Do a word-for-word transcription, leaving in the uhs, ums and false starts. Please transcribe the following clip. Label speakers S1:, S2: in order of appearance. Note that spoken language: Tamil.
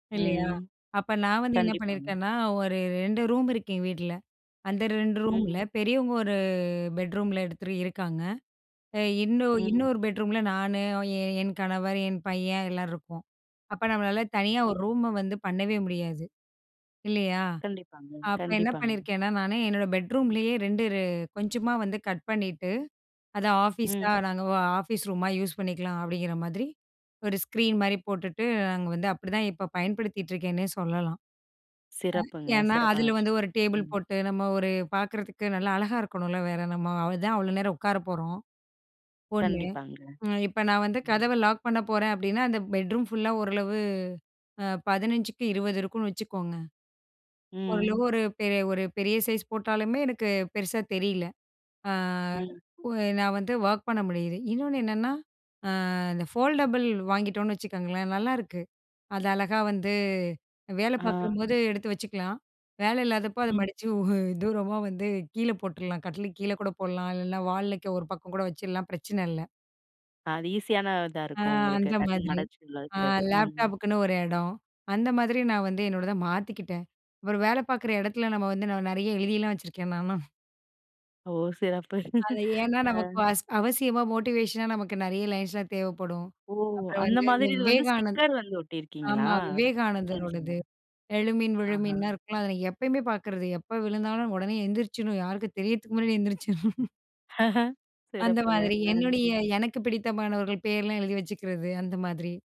S1: இல்லையா.
S2: ம்.
S1: அப்ப நான் வந்து என்ன
S2: கண்டிப்பாங்க.
S1: பண்ணியிருக்கேன்னா, ஒரு ரெண்டு ரூம் இருக்கு, எங்க வீட்ல. அந்த ரெண்டு ரூம்ல
S2: ம்.
S1: பெரியவங்க ஒரு பெட்ரூம்ல எடுத்துரு இருக்காங்க. அ இன்னொ
S2: ம்.
S1: இன்னொரு பெட்ரூம்ல நானு, என் என் கணவர், என் பையன் எல்லாம் இருக்கோம். அப்ப, நம்மளால தனியா ஒரு
S2: ம்.
S1: ரூம வந்து பண்ணவே முடியாது. இல்லையா.
S2: கண்டிப்பாங்க,
S1: அப்ப என்ன
S2: கண்டிப்பாங்க.
S1: பண்ணியிருக்கேன்னா, நானு என்னோட
S2: ம்.
S1: பெட்ரூம்லயே, ரெண்டு ரெ கொஞ்சமா வந்து கட் பண்ணிட்டு, அத ஆஃபீஸா,
S2: ம்.
S1: நாங்க ஆ ஆஃபீஸ் ரூமா யூஸ் பண்ணிக்கலாம். அப்டிங்கிற மாதிரி ஒரு ஸ்க்ரீன் மாரி போட்டுட்டு, நாங்க வந்து அப்டிதான் இப்ப பயன்படுத்திட்டு இருக்கேன்னே சொல்லலாம். அ
S2: சிறப்புங்க.
S1: ஏன்னா,
S2: சிறப்பான
S1: அதில வந்து
S2: விஷயம்.
S1: ஒரு டேபிள்
S2: ம்.
S1: போட்டு, நம்ம ஒரு பார்க்குறதுக்கு நல்லா அழகா இருக்கணும்ல. வேற, நம்ம அதுலதான், அவ்வளோ நேரம் உட்கார போறோம். ஒண்ணு,
S2: கண்டிப்பாங்க.
S1: இப்ப நான் வந்து
S2: ம்.
S1: கதவ லாக் பண்ண போறேன். அப்டின்னா, அந்த பெட்ரூம் ஃபுல்லா, ஓரளவு அ பதினெஞ்சுக்கு இருவது இருக்குனு வச்சுக்கோங்க. ஓரளவு
S2: ம்.
S1: ஒரு பெரிய ஒரு பெரிய சைஸ் போட்டாலுமே, எனக்கு பெருசா தெரியல. அ
S2: ம்.
S1: உ நான் வந்து ஒர்க் பண்ண முடியுது. இன்னொண்ணு என்னென்னா, அ இந்த ஃபோல்டபுள் வாங்கிட்டோம்னு வச்சுக்கோங்களேன். நல்லாருக்கு. அது அழகா வந்து, வேல
S2: ஆ.
S1: பார்க்கும்போது எடுத்து வச்சுக்கலாம். வேல இல்லாதப்போ, அத
S2: ம்.
S1: மடிச்சு ஊ தூரமா வந்து கீழ போட்டுரலாம். கட்டிலுக்கு கீழே கூட போடலாம். இல்லைன்னா, வாலுலக்க ஒரு பக்கம் கூட வச்சுறலாம். பிரச்சனை இல்ல.
S2: அது ஈசியான இதா
S1: ஆ
S2: இருக்கும் உங்களுக்கு.
S1: அந்த
S2: டக்குன்னு
S1: மாதிரி
S2: மடச்சி உள்ள வக்கிறது. ம்.
S1: லேப்டாப்புக்குன்னு ஒரு இடம். அந்த மாதிரி, நான் வந்து என்னோடத மாத்திக்கிட்டேன். அப்புறம் வேல பார்க்குற இடத்துல, நம்ம வந்து நெ நெறைய எழுதியெல்லாம் வச்சுருக்கேன், நான்லாம்.
S2: ஓ! சிறப்பு.
S1: அது ஏன்னா,
S2: ஆ.
S1: நமக்கு வசி அவசியமா, மோட்டிவேஷனா நமக்கு நெறைய லைன்ஸ்லாம் தேவப்படும்.
S2: ஓ!
S1: அப்புறம்
S2: அந்த
S1: வந்து, இந்த
S2: மாதிரி இது வந்து
S1: விவேகானந்த்
S2: ஸ்டிக்கர் வந்து ஒட்டியிருக்கீங்களா?
S1: ஆமா.
S2: சரி, சரி.
S1: விவேகானந்தரோடது "எழும்பின்,
S2: ஆஹா.
S1: விழுமன்னுலாம்" இருக்குல்ல. அத நான் எப்பயுமே பார்க்குறது. எப்போ விழுந்தாலும், உடனே எந்திரிச்சிடணும். யாருக்கும் தெரியதுக்கு முன்னாடி எழுந்திரிச்சிருணும்.
S2: ஆஹ.
S1: அந்த
S2: சிறப்புங்க.
S1: மாதிரி
S2: ஆ.
S1: என்னுடைய, எனக்கு பிடித்தமானவர்கள் பேர்லாம் எழுதி வச்சுக்கிறது. அந்த மாதிரி.